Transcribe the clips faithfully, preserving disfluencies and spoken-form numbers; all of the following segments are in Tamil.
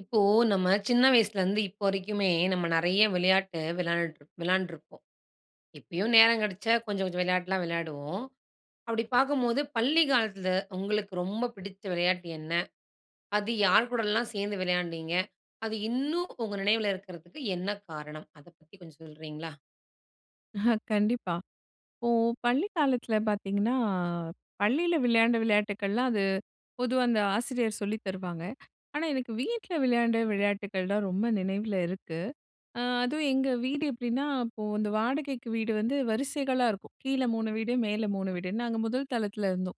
இப்போ நம்ம சின்ன வயசுலேருந்து இப்போ வரைக்குமே நம்ம நிறைய விளையாட்டு விளாண்டுட்டு விளாண்டிருப்போம். இப்பயும் நேரம் கெடச்சா கொஞ்சம் கொஞ்சம் வெளயாட்டுலாம் விளையாடுவோம். அப்படி பார்க்கும்போது பள்ளி காலத்தில உங்களுக்கு ரொம்ப பிடிச்ச விளையாட்டு என்ன? அது யார் கூடலாம் சேர்ந்து விளையாண்டீங்க? அது இன்னும் உங்க நினைவில இருக்கிறதுக்கு என்ன காரணம்? அத பத்தி கொஞ்சம் சொல்றீங்களா? அஹ கண்டிப்பா. இப்போ பள்ளிக் காலத்தில பார்த்தீங்கன்னா, பள்ளியில விளையாண்ட விளையாட்டுக்கள்லாம் அது பொதுவா அந்த ஆசிரியர் சொல்லித் தருவாங்க. ஆனா, எனக்கு வீட்ல விளையாண்ட விளையாட்டுக்கள் தான் ரொம்ப நினைவில இருக்கு. அ அதுவும் எங்க வீடு எப்படின்னா, அப்போ அந்த வாடகைக்கு வீடு வந்து வரிசைகளா இருக்கும். கீழ மூணு வீடு, மேல மூணு வீடுன்னு. நாங்க முதல் தளத்தில இருந்தோம்.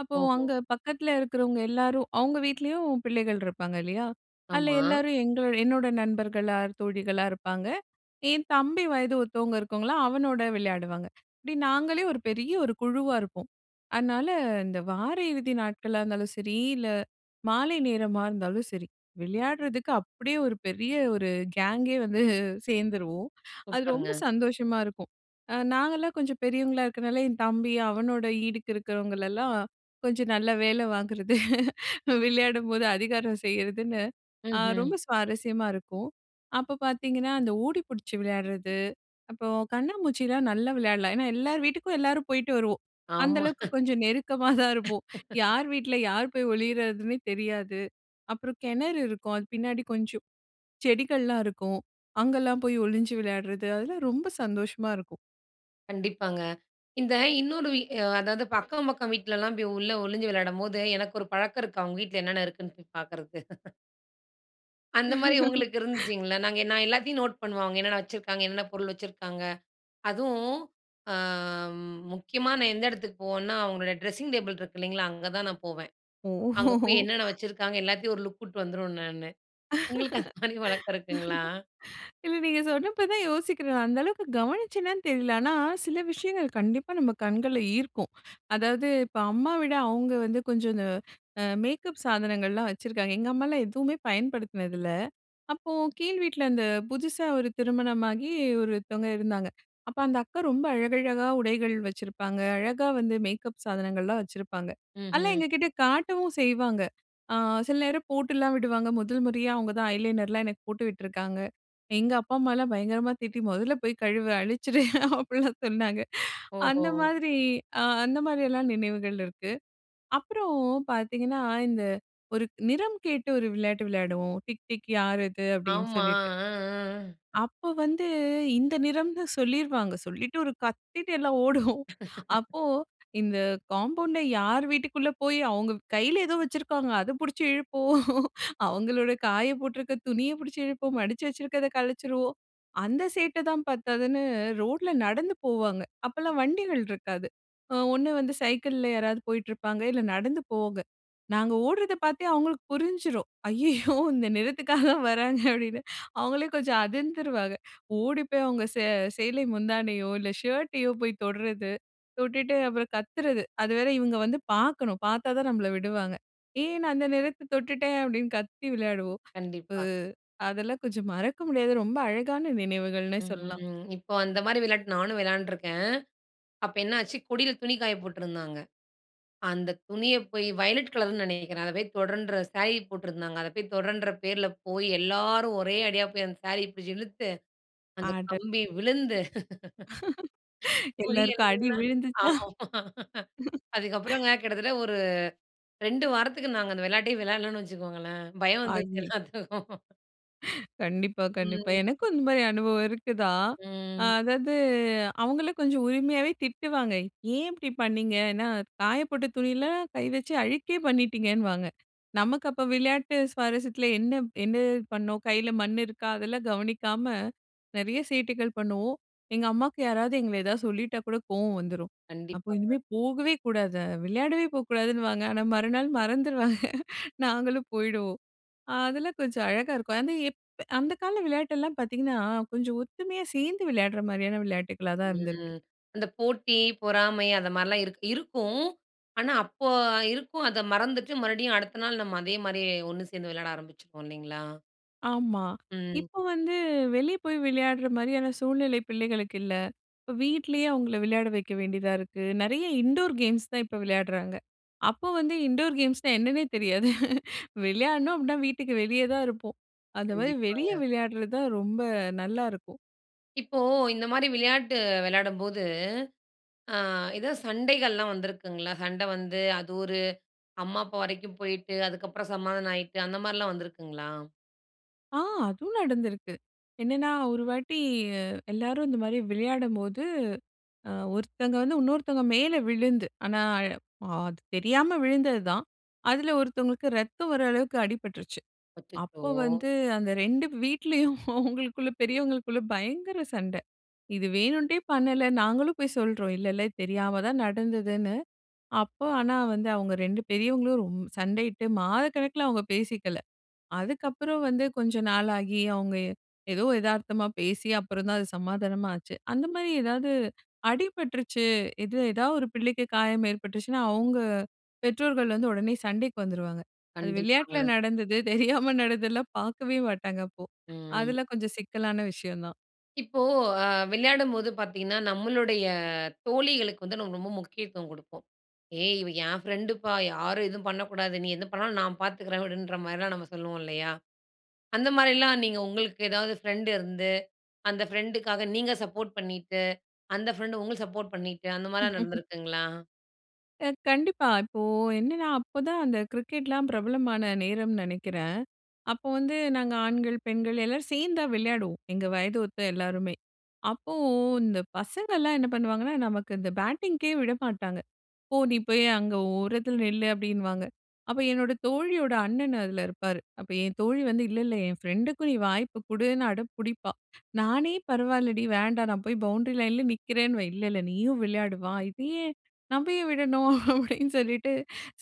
அப்போ ஓஹோ! அங்க பக்கத்தில இருக்கிறவங்க எல்லாரும் அவங்க வீட்லேயும் பிள்ளைகள் இருப்பாங்க இல்லையா? அதில ஆமா. எல்லாரும் எங்களோ என்னோட நண்பர்களா தோழிகளா இருப்பாங்க, என் தம்பி வயது ஒத்தவங்க இருக்கறவங்கலாம் அவனோட விளையாடுவாங்க. இப்படி நாங்களே ஒரு பெரிய ஒரு குழுவா இருப்போம். அதனால இந்த வார இறுதி நாட்களா இருந்தாலும் சரி, இல்ல மாலை நேரமா இருந்தாலும் சரி, விளையாட்றதுக்கு அப்படியே ஒரு பெரிய ஒரு கேங்கே வந்து சேர்ந்துருவோம் அது ரொம்ப சூப்பர்ங்க. சந்தோஷமா இருக்கும். அ நாங்கலாம் கொஞ்சம் பெரியவங்களா இருக்கிறதுனால, என் தம்பி அவனோட ஈடுக்கு இருக்கிறவங்களெல்லாம் கொஞ்சம் நல்ல வேல வாங்கிறது, விளையாடும்போது அதிகாரம் செய்றதுன்னு, ஆ ம்ஹ்ம். ரொம்ப சுவாரஸ்யமா இருக்கும். அப்ப பார்த்தீங்கன்னா, அந்த ஓடி பிடிச்சு விளையாடுறது, அப்போ கண்ணாம்மூச்சிலா நல்லா விளையாடலாம். ஏன்னா, எல்லார் வீட்டுக்கும் எல்லாரும் போயிட்டு வருவோம். அந்த ஆமா. அளவுக்கு கொஞ்சம் நெருக்கமா தான் இருப்போம். யார் வீட்ல யார் போய் ஒளியறதுன்னே தெரியாது. அப்புறம் கெணறு இருக்கும். அது பின்னாடி கொஞ்சம் செடிகள்லாம் இருக்கும். அங்கலாம் போய் ஒளிஞ்சு விளையாட்றது, அதெல்லாம் ரொம்ப சந்தோஷமா இருக்கும். கண்டிப்பாங்க. இந்த இன்னொரு இ அ அதாவது பக்கம் பக்கம் வீட்லலாம் போய் உள்ளே ஒழிஞ்சு விளையாடும்போது, எனக்கு ஒரு பழக்கம் இருக்கு. அவங்க வீட்ல என்னென்ன இருக்குன்னு போய் பார்க்குறது. அந்தமாரி உங்களுக்கு இருந்துச்சுங்களா! நாங்க நான் எல்லாத்தையும் நோட் பண்ணுவோம். அவுங்க என்னன்ன வச்சுருக்காங்க என்னன்ன பொருள் வச்சுருக்காங்க. அதுவும், ஆ, முக்கியமா நான் எந்த இடத்துக்கு போவேன்னா, அவுங்களோட ட்ரெஸ்ஸிங் டேபிள் இருக்கு இல்லேங்களா! அங்கே தான் நான் போவேன். ஓ! அங்க போய் என்னென்ன வச்சுருக்காங்க, எல்லாத்தையும் ஒரு லுக் விட்டு வந்துருவேன் நானு. உங்களுக்கு அந்தமாரி வழக்கம் இருக்குங்களா? இல்ல. நீங்க சொன்னப்ப தான் யோசிக்கிறேன். அந்த அளவுக்கு கவனிச்சனான்னு தெரியல. ஆனா, சில விஷயங்கள் கண்டிப்பா நம்ம கண்கள ஈர்க்கும். அதாவது இப்ப அம்மா விட அவுங்க வந்து கொஞ்சம் இந்த அ மேக்கப் சாதனங்கள்லாம் வச்சிருக்காங்க. எங்க அம்மா எல்லாம் எதுவுமே பயன்படுத்தினது இல்ல. அப்போ கீழ் வீட்ல அந்த புதிசா ஒரு திருமணமாகி ஒருத்தவங்க இருந்தாங்க. அப்ப அந்த அக்கா ரொம்ப அழகழகா உடைகள் வச்சிருப்பாங்க. அழகாக வந்து மேக்கப் சாதனங்கள்லாம் வச்சிருப்பாங்க. அதலாம் ம்ஹ்ம். எங்ககிட்ட காட்டவும் செய்வாங்க. ஆ, சில நேரம் போட்டுல்லாம் விடுவாங்க. முதல் முறையா அவுங்க தான் ஐ லைனர் லாம் எனக்கு போட்டு விட்டுருக்காங்க. எங்க அப்பா, அம்மால்லாம் பயங்கரமா திட்டி முதல்ல போய் கழுவ அழிச்சுட்டு அப்பிடில்லாம் சொன்னாங்க. ஓஹோ! அந்த மாதிரி அ அந்த மாதிரியெல்லாம் நினைவுகள் இருக்கு. அப்புறம் பார்த்தீங்கன்னா, இந்த ஒரு நிறம் கேட்டு ஒரு விளையாட்டு விளையாடுவோம். டிக் டிக் யார் இது? அப்பிடின்னு ஆமா. சொல்லிட்டு, அ, அ. அப்ப வந்து இந்த நிறம்ன்னு சொல்லிருவாங்க. சொல்லிட்டு ஒரு கத்திட்டு எல்லாம் ஓடுவோம். அப்போ இந்த காம்பவுண்ட்ல யார் வீட்டுக்குள்ள போய் அவுங்க கையில ஏதோ வச்சிருக்காங்க. அதப் பிடிச்சு இழுப்போம்., அவுங்களுடைய காயப் போட்டிருக்க துணியப் பிடித்து இழுப்போம், மடிச்சு வச்சிருக்கிறத கலச்சிருவோம். அந்த சேட்டை தான் பத்தாதுனு, ரோட்ல நடந்து போவாங்க. அப்பல்லாம் வண்டிகள் இருக்காது. அ ஒண்ணு வந்து சைக்கிள்ல யாராவது போயிட்டு இருப்பாங்க, இல்ல நடந்து போவாங்க. நாங்க ஓடுறத பார்த்தே அவுங்களுக்கு புரிஞ்சிரும். "ஐயய்யோ! இந்த நிறத்துக்காக தான் வராங்க." அப்பிடின்னு, அவுங்களே கொஞ்சம் அதிர்ந்துருவாங்க. ஓடி போய் அவுங்க சே சேலை முந்தானையோ! இல்ல ஷர்டையோ! போய் தொடுறது. தொட்டுட்டு அப்புறம் கத்துறது அது வேற இவுங்க வந்து பார்க்கணும். பார்த்தா தான் நம்மள விடுவாங்க. ஏன் நான் அந்த நிறத்த தொட்டுட்டேன் அப்பிடின்னு கத்தி விளையாடுவோம். கண்டிப்பா. [unintelligible] அதெல்லாம் கொஞ்சம் மறக்க முடியாத ரொம்ப அழகான நினைவுகள்னே சொல்லலாம். ம். இப்போ அந்தமாரி விளையாட்டு நானும் விளையாண்டுருக்கேன். அப்போ என்னாச்சு கொடில துணி காய போட்டிருந்தாங்க. அந்த துணிய போய் வயலட் கலருன்னு நினைக்கிறேன். அத போய் தொடன்ற சாரி போட்டிருந்தாங்க. அதை போய் தொடன்ற பேர்ல போய் எல்லாரும் ஒரே அடியா போய் அந்த சாரீ பிடிச்சி இழுத்து அந்த ஆர்டர். கம்பி விழுந்து எல்லாருக்கும் புரியிறதில்ல. அடி விழுந்துச்சா! ஆமா. அதுக்கப்புறங்க கிட்டத்தட்ட ஒரு ரெண்டு வாரத்துக்கு நாங்க அந்த விளையாட்டே விளையாடலன்னு வச்சுக்கோங்களேன். பயம் வந்துச்சு அய்யி எல்லாத்துக்கும். கண்டிப்பா, கண்டிப்பா. ம். எனக்கும் இந்த மாரி அனுபவம் இருக்குதான். அ ம். அதாவது அவங்களே கொஞ்சம் உரிமையாவே திட்டுவாங்க." ஏன் இப்டி பண்ணினீங்க?" எனா காய போட்ட துணில கை வச்சு அழுக்கே பண்ணிட்டீங்கன்வாங்க. நமக்கு அப்ப விளையாட்டு சுவாரஸ்யத்துல என்ன என்ன பண்ணோம் கையில மண் இருக்கா? அதெல்லாம் கவனிக்காம நெறைய சேட்டைகள் பண்ணுவோம். எங்க அம்மாக்கு யாராவது எங்கள ஏதாவது சொல்லிட்டா கூட கோவம் வந்துரும். அப்போ கண்டிப்பாங்க. இனிமே போகவே கூடாது. விளையாடவே போகக்கூடாதுன்னுவாங்க. ஆனா மறுநாள் மறந்துருவாக நாங்களும் போயிருவோம். அதெல்லாம் கொஞ்சம் அழகா இருக்கும். அது எப் அந்த கால விளையாட்டெல்லாம் பார்த்தீங்கன்னா, கொஞ்சம் ஒத்துமையா சேர்ந்து விளையாடுற மாரியான விளையாட்டுகளா தான் இருந்திருக்கு. ம். அந்த போட்டி, பொறாமை அந்த மாரிலாம் இருக் இருக்கும். ஆனா அப்போ இருக்கும் அத மறந்துட்டு மறுபடியும் அடுத்த நாள் நம்ம அதே மாரியே ஒண்ணு சேர்ந்து விளையாட ஆரம்பிச்சுருவோம் இல்லைங்களா? ஆமா, ம். இப்ப வந்து வெளியே போய் விளையாடுற மாரியான சூழ்நிலை பிள்ளைகளுக்கு இல்ல. இப்ப வீட்லேயே அவங்கள விளையாட வைக்க வேண்டியதா இருக்கு. நெறைய இன்டோர் கேம்ஸ் தான் இப்ப விளையாடுறாங்க. அப்போ வந்து "இன்டோர் கேம்ஸ்னா என்னன்னே தெரியாது" விளையாடனோம் அப்டினா வீட்டுக்கு வெளியே தான் இருப்போம். அந்த மாரி வெளியே கண்டிப்பாங்க. விளையாடுறது தான் ரொம்ப நல்லாருக்கும். இப்போ இந்த மாரி விளையாட்டு வெளையாடும்போது, அ எதா சண்டைகள்லாம் வந்திருக்குங்களா? சண்டை வந்து, அது ஒரு அம்மா, அப்பா வரைக்கும் போயிட்டு, அதுக்கப்புறம் சமாதானம் ஆயிட்டு, அந்த மாரிலாம் வந்திருக்குங்களா? ஆ அதுவும் நடந்திருக்கு. என்னான்னா, ஒரு வாட்டி, அ எல்லாரும் இந்த மாரி விளையாடும்போது, அ ஒருத்தங்க வந்து உன்னொருத்தங்க மேல விழுந்து, ஆனா அழ அது தெரியாம விழுந்தது தான். அதுல ஒருத்தவங்களுக்கு ரத்தம் வர அளவுக்கு அடிபட்டுருச்சு. அச்சச்சோ! அப்போ வந்து அந்த ரெண்டு வீட்லயும் அவங்களுக்குள்ள பெரியவங்களுக்குள்ள பயங்கர சண்டை. இது வேணும்ன்ட்டே பண்ணல. நாங்களும் போய் சொல்றோம். இல்ல இல்ல தெரியாம தான் நடந்ததுன்னு. அப்போ ஆனா வந்து அவுங்க ரெண்டு பெரியவங்களும் ரொம் சண்டையிட்டு மாதக்கணக்குல அவங்க பேசிக்கல. அதுக்கப்பறம் வந்து, கொஞ்சம் நாள் ஆகி அவுங்க ஏ ஏதோ எதார்த்தமா பேசி, அப்பறம் தான் அது சமாதானமா ஆச்சு. அந்த மாரி ஏதாவது அடிபட்டுருச்சு, இது எதாவது ஒரு பிள்ளைக்கு காயம் ஏற்பட்டுருச்சுன்னா, அவுங்க பெற்றோர்கள் வந்து உடனே சண்டைக்கு வந்துருவாங்க. அது விளையாட்டில கண்டிப்பாங்க. நடந்தது, தெரியாம நடந்ததுலாம் பாக்கவே மாட்டாங்க அப்போ. ம். அதெல்லாம் கொஞ்சம் சிக்கலான விஷயம் தான். இப்போ அ விளையாடும்போது பாத்தீங்கன்னா, நம்மளுடைய தோழிகளுக்கு வந்து நம்ம ரொம்ப முக்கியத்துவம் குடுப்போம். "ஏய்! இவ என் ஃப்ரெண்டுப்பா. யாரும் எதுவும் பண்ணக்கூடாது. நீ எது பண்ணாலும் நான் பார்த்துக்கிறேன்." அப்படீன்ற மாரிலாம் நம்ம சொல்லுவோம் இல்லையா? அந்த மாரில்லாம் நீங்க உங்களுக்கு ஏதாவது ஃப்ரெண்ட் இருந்து, அந்த ஃப்ரெண்டுக்காக நீங்க சப்போர்ட் பண்ணீட்டு, அந்த ஃப்ரெண்டு உங்கள சப்போர்ட் பண்ணீட்டு அந்த மாரிலாம் நடந்திருக்குங்களா? அ கண்டிப்பா. இப்போ என்னென்னா அப்போ தான் அந்த கிரிக்கெட்லாம் பிரபலமான நேரம்ன்னு நினைக்கிறேன். அப்போ வந்து நாங்க ஆண்கள் பெண்கள் எல்லோரும் சேர்ந்து தான் விளையாடுவோம். எங்க வயத ஒத்த எல்லோருமே! அப்போ இந்த பசங்கள்லாம் என்ன பண்ணுவாங்கன்னா, நமக்கு இந்த பேட்டிங்க்கே விடமாட்டாங்க. "போ! நீ போய் அங்கே ஓரத்தில நில்லு" அப்படின்னுவாங்க. அப்போ என்னோட தோழியோட அண்ணன் அதில் இருப்பாரு. அப்ப என் தோழி வந்து "இல்ல, இல்ல என் ஃப்ரெண்டுக்கு நீ வாய்ப்பு கொடுன்னு" அடம் பிடிப்பா! நானே "பரவாயில்லடி வேண்டாம் நான் போய் பவுண்டரி லைன்லே நிற்கிறேன்னுவேன்." "இல்ல, இல்ல நீயும் விளையாடு வா! இத ஏன் நம்ப ஏன் விடணும்?" அப்பிடின்னு சொல்லிட்டு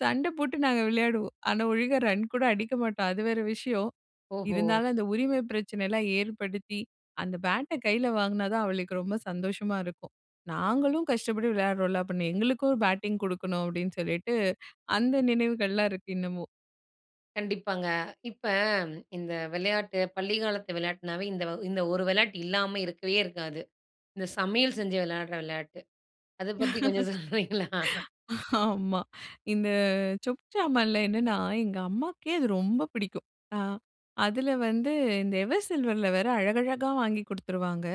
சண்டை போட்டு நாங்க விளையாடுவோம். ஆனா, ஒழுங்கா ரன்கூட அடிக்க மாட்டோம். அது வேற விஷயம். ஓஹோ! இருந்தாலும் அந்த உரிமை பிரச்சனை எல்லாம் ஏற்படுத்தி, அந்த பேட்ட கையில வாங்குனா தான் அவளுக்கு ரொம்ப சந்தோஷமா இருக்கும். "நாங்களும் கஷ்டப்பட்டு விளையாடுறோம்ல்ல அப்ப எங்களுக்கும் பேட்டிங் கொடுக்கணும்." அப்பிடின்னு சொல்லிட்டு, அந்த நினைவுகள்லாம் இருக்கு இன்னமும். கண்டிப்பாங்க. இப்போ இந்த விளையாட்டு பள்ளிக்காலத்து விளையாட்டுனாவே, இந்த இந்த ஒரு விளையாட்டு இல்லாம இருக்கவே இருக்காது. இந்த சமையல் செஞ்சு விளையாடுற விளையாட்டு. அத பத்தி கொஞ்சம் சொல்றீங்களா? ஆமா. இந்த சொப்பு சாமான்ல என்னன்னா, எங்க அம்மாவுக்கே அது ரொம்ப பிடிக்கும். அ அதில வந்து இந்த எவர் சில்வர்ல வேற அழகழகா வாங்கிக் கொடுத்துருவாங்க.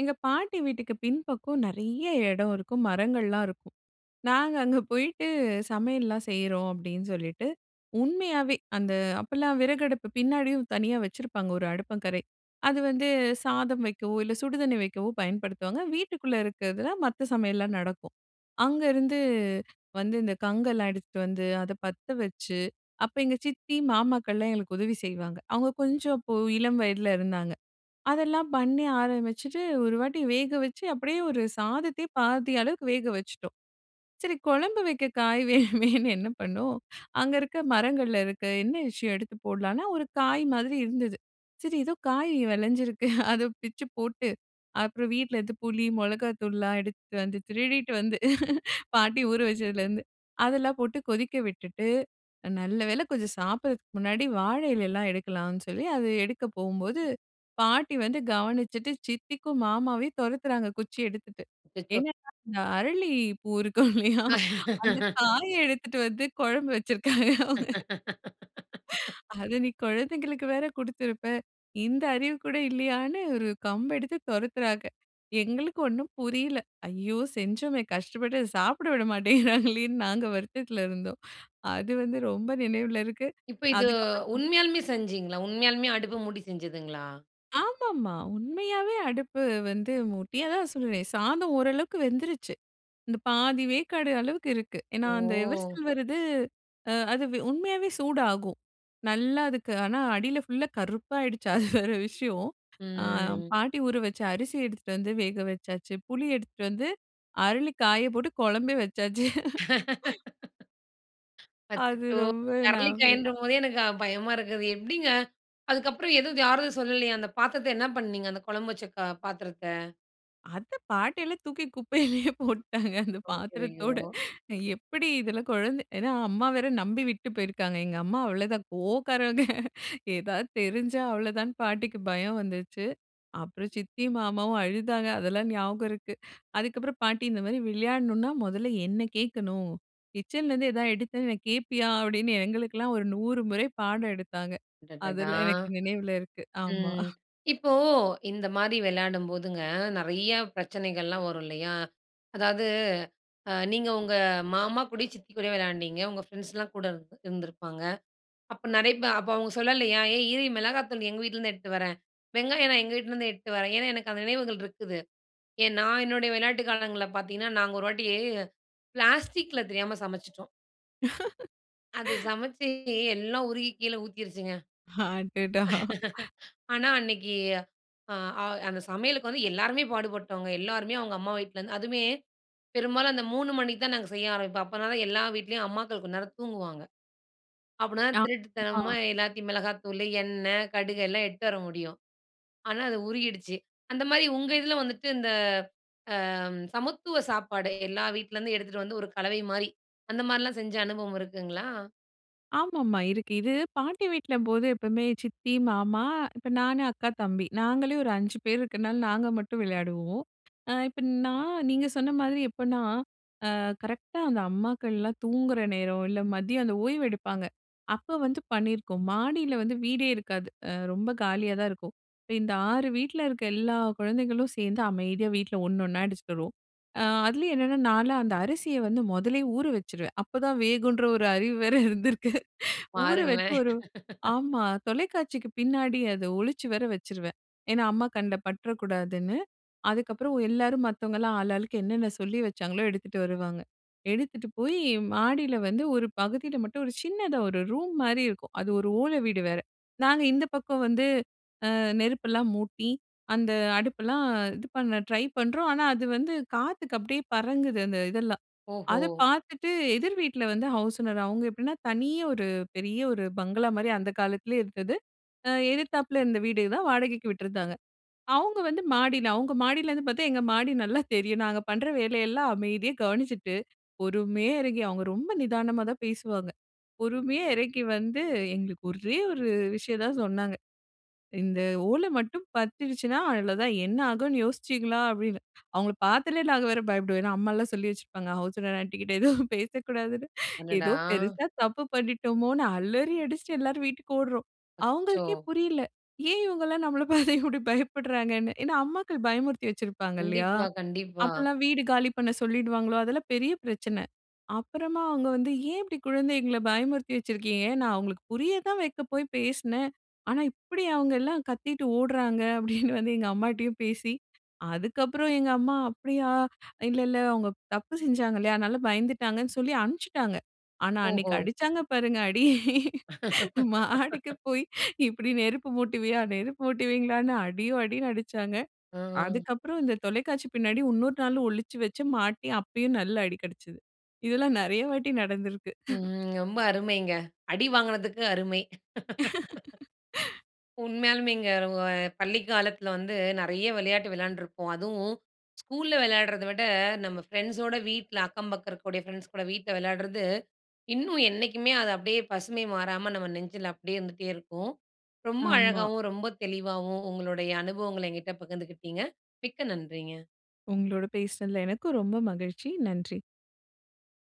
எங்க பாட்டி வீட்டிக்கு பின்பக்கம் நிறைய இடம் இருக்கும். மரங்கள் எல்லாம் இருக்கும். நாங்க அங்க போயிட்டு, "சமையல் எல்லாம் செய்றோம்." அப்பிடின்னு சொல்லிட்டு, உண்மையாவே அந்த அப்ப எல்லாம் விறகு அடுப்பு பின்னாடியும் தனியா வச்சிருப்பாங்க ஒரு அடுப்பங்கரை. அது வந்து சாதம் வைக்கவோ! இல்ல சுடுதண்ணி வைக்கவோ! பயன்படுத்துவாங்க. வீட்டுக்குள்ளே இருக்கிறதுல மத்த சமையல்லாம் நடக்கும். அங்கேருந்து வந்து இந்த கங்கெல்லாம் எடுத்துட்டு வந்து அத பத்த வச்சு, அப்போ எங்கள் சித்தி மாமாக்கள்லாம் எங்களுக்கு உதவி செய்வாங்க. அவுங்க கொஞ்சம் அப்போ இளம் வயதில இருந்தாங்க. அதெல்லாம் பண்ணி ஆரம்பிச்சுட்டு, ஒரு வாட்டி வேக வச்சு அப்பிடியே ஒரு சாதத்தையே பாதி அளவுக்கு வேக வச்சுட்டோம். சரி குழம்பு வைக்க காய் வேணுமேன்னு என்ன பண்ணோம். அங்க இருக்க மரங்கள்ல இருக்க என்ன விஷயம் எடுத்து போட்லான்னா, ஒரு காய் மாதிரி இருந்தது. சரி ஏதோ காய் விளஞ்சிருக்கு அத பிச்சு போட்டு அப்புறம் வீட்டில் இருந்து புளி, மிளகாய் தூள் எல்லாம் எடுத்துட்டு வந்து திருடிட்டு வந்து பாட்டி ஊற வச்சதில இருந்து அதெல்லாம் போட்டு. கொதிக்க விட்டுவிட்டு அ நல்லவேளை கொஞ்சம் சாப்பிடறதுக்கு முன்னாடி வாழை இலை எல்லாம் எடுக்கலான்னு சொல்லி அதை எடுக்கப் போகும்போது பாட்டி வந்து கவனிச்சிட்டு சித்திக்கும் மாமாவையும் துரத்துறாங்க. குச்சி எடுத்துட்டு. அச்சச்சோ! என்னென்னா, இந்த அரளி பூ இருக்கும் இல்லயா! அந்த காயை எடுத்துட்டு வந்து குழம்பு வச்சிருக்காங்க அவுங்க. "அத நீ குழந்தைகளுக்கு வேறு கொடுத்திருப்ப. இந்த அறிவு கூட இல்லயான்னு." ஒரு கம்பு எடுத்து துரத்துறாங்க. எங்களுக்கு ஒன்னும் புரியல. ஐயோ! செஞ்சோமே கஷ்டப்பட்டு அத சாப்பிட விட மாட்டேங்கிறாங்களேன்னு நாங்க வருத்தத்தில இருந்தோம். அது வந்து ரொம்ப நினைவில இருக்கு. இப்ப இது அதற்கு அப்புறம், உண்மையாலுமே செஞ்சீங்களா? உண்மையாலுமே அடுப்பு மூடி செஞ்சதுங்களா? ஆமா, ஆமா, உண்மையாவே அடுப்பு வந்து மூட்டி அதான் சொல்றேனே! சாதம் ஓரளவுக்கு வெந்துருச்சு. இந்த பாதி வேக்காடு அளவுக்கு இருக்கு. ஏனா, அந்த ஓ! எவர்சில்வர் இது அ அது வெ உண்மையாவே சூடாகும். நல்லா அதுக்கு ஆனா அடியில ஃபுல்லா கருப்பாயிடுச்சு. அது வேற விஷயம் ஆ ம். பாட்டி ஊற வச்ச அரிசி எடுத்துட்டு வந்து வேக வச்சாச்சு. புளி எடுத்துட்டு வந்து அரளி காயப்போட்டு குழம்பே வச்சாச்சு அது அச்சச்சோ! ரொம்ப ஞாபகம் இருக்கு. அரளிக்காயின்றம்போதே எனக்கு க பயமா இருக்குது. எப்பிடிங்க, அதுக்கப்புறம் எதுவும் யாரும் சொல்லலயா! அந்த பாத்திரத்த என்ன பண்ணீங்க? அந்த குழம்பு வச்ச கு பாத்திரத்த? அத பாட்டில்லாம் தூக்கி குப்பையிலேயே போட்டுட்டாங்க அந்த ஐயய்யோ! பாத்திரத்தோட அ எப்பிடி இதில குழந்தை ஏனா, அம்மா வேற நம்பி விட்டு போயிருக்காங்க. எங்க அம்மா அவ்ளதான் கோவக்காரவங்க எதாவது தெரிஞ்சா அவ்ளதான்னு பாட்டிக்கு பயம் வந்துருச்சு. அப்புறம் சித்தியும், மாமாவும் அழுதாங்க. அதெல்லாம் ஞாபகம் இருக்கு. அதுக்கப்புறம் பாட்டி இந்தமாரி விளையாட்ணுனா, முதல என்ன கேட்கணும் கிச்சன்லேருந்து எதா எடுத்தேன்னு வை கேப்பியா அப்பிடின்னு எங்களுக்கெல்லாம் ஒரு நூறு முறை பாடம் எடுத்தாங்க. அடடடா! அதெல்லாம் எனக்கு நினைவுல இருக்கு. ஆமா ம். இப்போ இந் மாரி விளையாடும்போதுங்க நெறையா பிரச்சனைகள்லாம் வரும் இல்லயா! அதாவது அ நீங்க உங்க மாமா கூட, சித்தி கூட விளையாண்டீங்க. உங்க ஃப்ரெண்ட்ஸ்லாம் கூட இ இருந்திருப்பாங்க. அப்ப நெறையப்ப அப்ப அவுங்க சொல்லலயா, ஏய் இரு! மிளகாத்தூள் எங்க வீட்லருந்து எடுத்துட்டு வரேன். வெங்காயம் நான் எங்க வீட்லேருந்து எடுத்துட்டு வரேன். ஏன்னா, எனக்கு அந்த நினைவுகள் இருக்குது. ஏன் நான் என்னுடைய விளையாட்டு காலங்கள்ல பார்த்தீங்கன்னா, நாங்க ஒரு வாட்டி பிளாஸ்டிக்ல தெரியாம சமச்சிட்டோம். அது சமைச்சு எல்லாம் உருகி கீழே ஊத்திருச்சுங்க. அடடா! ஆனா அன்னக்கி அ, அ அந்த சமையலுக்கு வந்து எல்லாருமே பாடுபட்டோங்க. எல்லாருமே அவுங்க அம்மா வீட்ல இருந்து அதுமே பெரும்பாலும் அந்த மூணு மணிக்கு தான் நாங்க செய்ய ஆரம்பிப்போம். அப்பதான் எல்லா வீட்டிலேயும் அம்மாக்கள் கொஞ்ச நேரம் தூங்குவாங்க. அப்புட்ன்னாதான், ஆ திருட்டுத்தனமா மா. எல்லாத்தையும் மிளகாய்த்தூளு, எண்ணெய், கடுகு எல்லாம் எட்டு வர முடியும். ஆனா, அது உருகிடுச்சு. அந்த மாரி உங்க இதில வந்துட்டு இந்த, அ ம் சமத்துவ சாப்பாடு, எல்லா வீட்லருந்தும் எடுத்துட்டு வந்து ஒரு கலவைமாரி, அந்த மாரிலாம் செஞ்ச அனுபவம் இருக்குங்களா? ஆமா ஆமா இருக்கு. இது பாட்டி வீட்லம்போது, எப்பவுமே சித்தி, மாமா இப்ப நானு அக்கா, தம்பி. நாங்களே ஒரு அஞ்சு பேர் இருக்கிறனால நாங்க மட்டும் விளையாடுவோம். அ இப்ப நான் நீங்க சொன்ன மாதிரி எப்பன்னா, அ கரெக்டா அந்த அம்மாக்கள்லாம் தூங்குகிற நேரம், இல்ல மதியம் அந்த ஓய்வு எடுப்பாங்க. அப்போ வந்து பண்ணியிருக்கோம். மாடியில வந்து வீடே இருக்காது. அ ரொம்ப காலியா தான் இருக்கும். இப்ப இந்த ஆறு வீட்ல இருக்க எல்லா குழந்தைகளும் சேந்து அமைதியா வீட்ல ஒண்ணு ஒண்ணா அடிசிச்சுட்டு வருவோம். அ அதுலயும் என்னான்னா, நான்ல்லாம் அந்த அரிசிய வந்து மொதலயே ஊற வச்சிருவேன். அப்ப தான் வேகுன்ற ஒரு அறிவு வேற இருந்திருக்கு. ஊற வச்சு பாருங்களேன்! ஒரு ஆமா, தொலைக்காட்சிக்கு பின்னாடி அத ஒழிச்சு வேற வச்சிருவேன். ஏன்னா, அம்மா கண்ல பட்றக்கூடாதுன்னு, அதுக்கப்புறம் எல்லாரும் மத்தவங்கல்லாம் ஆளு ஆளுக்கு என்னென்ன சொல்லி வச்சாங்களோ! எடுத்துட்டு வருவாங்க. எடுத்துட்டு போயி மாடில வந்து ஒரு பகுதில மட்டும், ஒரு சின்னதா ஒரு ரூம்மாரி இருக்கும். அது ஒரு ஓலை வீடு வேற! நாங்க இந்த பக்கம் வந்து, அ நெருப்பெல்லாம் மூட்டி, அந்த அடுப்பெல்லாம் இது பண்ண ட்ரை பண்றோம். ஆனா, அது வந்து காத்துக்கு அப்பிடியே பறங்குது அந்த இதெல்லாம். ஓஹோ! அதை பாத்துட்டு எதிர் வீட்ல வந்து ஹவுஸ் ஓனர். அவுங்க எப்டின்னா, தனியா ஒரு பெரிய ஒரு பங்களா மாரி, அந்த காலத்திலேயே இருத்தது. ஆ எதித்தாப்பில இருந்த வீடு தான் வாடகைக்கு விட்டுருந்தாங்க. அவுங்க வந்து, மாடில அவுங்க மாடியிலருந்து பாத்தா, எங்க மாடி நல்லா தெரியும். நாங்க பண்ற வேலையெல்லாம் அமைதியா கவனிச்சிட்டு, பொறுமையா இறங்கி அவுங்க ரொம்ப நிதானமா தான் பேசுவாங்க. பொறுமையா இறங்கி வந்து எங்களுக்கு ஒரே ஒரு விஷயம் தான் சொன்னாங்க. "இந்த ஓலை மட்டும் பத்திருச்சுன்னா, அவ்வளவு தான். என்ன ஆகுன்னு யோசிச்சீங்களா!" அப்பிடின்னு, அவுங்கள பாத்தாலே நாங்க வேற பயப்படுவேன். ஏன்னா அம்மாலாம் சொல்லி வச்சிருப்பாங்க. ஹவுஸ் ஓனர் ஆண்டிக்கிட்ட எதுவும் பேசக்கூடாதுன்னு அடடா! ஏதோ பெரிசா தப்பு பண்ணிட்டோமோன்னு அலறி அடிச்சிட்டு எல்லாரும் வீட்டுக்கு ஓடுறோம். அச்சோ! அவுங்களுக்கே புரியல! ஏன் இவுங்கல்லாம் நம்மள பார்த்து இப்பிடி பயப்படுறாங்கன்னு. ஏன்னா, அம்மாக்கள் பயமுறுத்தி வச்சிருப்பாங்க இல்லயா! கண்டிப்பா கண்டிப்பா. அப்பல்லாம் வீடு காலி பண்ண சொல்லிடுவாங்களோ! அதெல்லாம் பெரிய பிரச்சனை. அப்பறமா அவுங்க வந்து "ஏன் இப்பிடி குழந்தைகள பயமுறுத்தி வச்சிருக்கீங்க. நான் அவுங்களுக்கு புரிய தான் வைக்க போய் பேசினேன். ஆனா இப்பிடி அவுங்க எல்லாம் கத்திட்டு ஓடுறாங்க" அப்பிடின்னு வந்து எங்க அம்மாட்டயும் பேசி, அதுக்கப்புறம் எங்க அம்மா "அப்பிடியா! அ இல்ல இல்ல அவுங்க தப்பு செஞ்சாங்க இல்லயா! அதனால பயந்துட்டாங்கன்னு சொல்லி" அம்ன்ப்பிச்சுட்டாங்க. ஆனா, அன்னக்கி ஓஹோ! அடிச்சாங்க பாருங்க! அடி. "மாடிக்கு போயி இப்பிடி நெருப்பு மூட்டுவீயா!" நெருப்பு மூட்டுவீங்களான்னு அடியோ! அடின்னு அடிச்சாங்க. அ, அ. அதுக்கு அப்புறம் இந்த தொலைக்காட்சி பின்னாடி உன்னொரு நாளும் ஒழிச்சு வச்சு, மாட்டி அப்பயும் நல்ல அடி கிடச்சது. இதெல்லாம் நிறைய வாட்டி நடந்திருக்கிறது. ம், ரொம்ப அருமைங்க. அடி வாங்கினதுக்கு அருமை. உண்மையாலுமேங்க, ர ஒ பள்ளிக் காலத்தில வந்து நெறைய விளையாட்டு விளையாண்டுருப்போம். அதுவும், ஸ்கூல்ல வெளையாடுறத விட, நம்ம ஃப்ரெண்ட்ஸோட வீட்ல அக்கம் பக்கம் இருக்கக்கூடிய ஃப்ரெண்ட்ஸ் கூட வீட்ல வெளையாடுறது, இன்னும் என்னைக்குமே, அது அப்பிடியே பசுமை மாறாம நம்ம நெஞ்சில அப்பிடியே இருந்துட்டே இருக்கும். ரொம்ப ஆமா. அழகாவும், ரொம்ப தெளிவாவும் உங்களுடைய அனுபவங்கள எங்கிட்ட பகிந்துக்கிட்டீங்க. மிக்க நன்றிங்க. உங்களோட பேசுனதுல எனக்கும் ரொம்ப மகிழ்ச்சி, நன்றி.